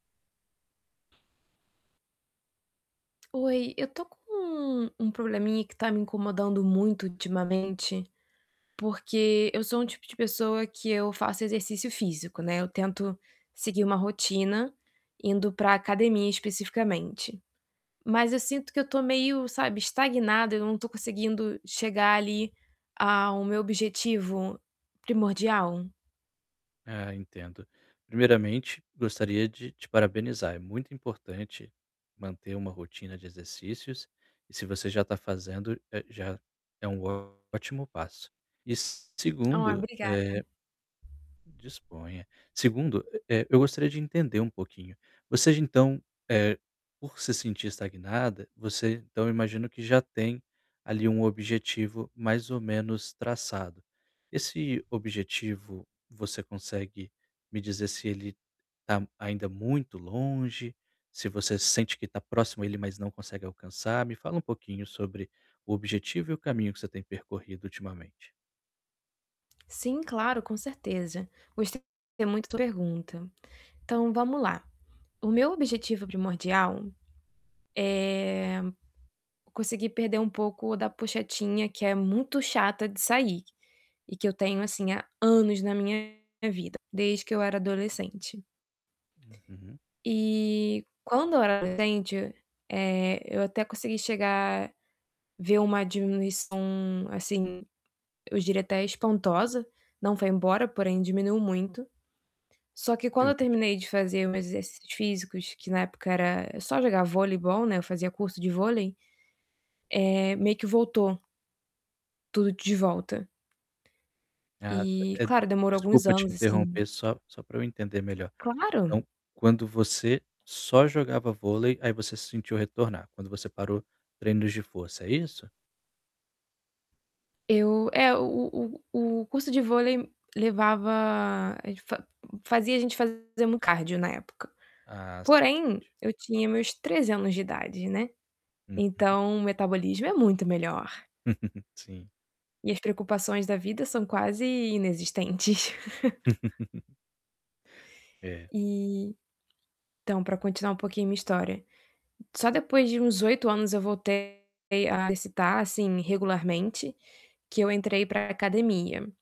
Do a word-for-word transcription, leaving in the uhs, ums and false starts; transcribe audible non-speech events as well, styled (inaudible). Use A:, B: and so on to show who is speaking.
A: Oi, eu tô com um um probleminha que tá me incomodando muito ultimamente, porque eu sou um tipo de pessoa que eu faço exercício físico, né, eu tento seguir uma rotina indo pra academia especificamente, mas eu sinto que eu tô meio, sabe, estagnada, eu não tô conseguindo chegar ali ao meu objetivo primordial.
B: É, entendo. Primeiramente, gostaria de te parabenizar, é muito importante manter uma rotina de exercícios, e se você já tá fazendo, eh, já é um ótimo passo. E
A: Ó,
B: segundo,
A: obrigada.
B: eh disponha. segundo, eh, eu gostaria de entender um pouquinho. Você, então, eh, por se sentir estagnada, você então, imagino que já tem ali um objetivo mais ou menos traçado. Esse objetivo, você consegue me dizer se ele tá ainda muito longe, se você sente que tá próximo a ele, mas não consegue alcançar? Me fala um pouquinho sobre o objetivo e o caminho que você tem percorrido ultimamente.
A: Sim, claro, com certeza. Gostei muito da sua pergunta. Então vamo lá. O meu objetivo primordial, eh, conseguir perder um pouco da pouchetinha, que é muito chata de sair e que eu tenho, assim, há anos na minha vida, desde que eu era adolescente
B: Uhum.
A: eh, quando eu era adolescente, eh, eu até consegui chegar ver uma diminuição, assim, eu diria até espantosa. Não foi embora, porém diminuiu muito. Só que
B: Que
A: quando eu
B: ótimo.
A: terminei de fazer meus exercícios físicos, que na época era só jogar voleibol, né, eu fazia curso de vôlei, eh, meio que voltou tudo de volta.
B: Ah,
A: E
B: eh
A: claro, demorou alguns
B: desculpa te
A: anos
B: interromper,
A: assim.
B: só só pra eu entender melhor.
A: Claro.
B: Então quando você só jogava vôlei, aí você se sentiu retornar, quando você parou treinos de força, é isso?
A: Eu eh, o o o curso de vôlei levava a gente fa fazia a gente fazermos cardio na época.
B: Ah, sim,
A: Porém,
B: entendi.
A: eu tinha meus treze anos de idade, né.
B: Uhum.
A: Então o metabolismo é muito melhor.
B: (chuckles) Sim.
A: E as preocupações da vida são quase inexistentes. (chuckles)
B: (chuckles) É.
A: E então pra continuar um pouquinho minha história, só depois de uns oito anos eu voltei a exercitar, assim, regularmente, que eu entrei pra academia.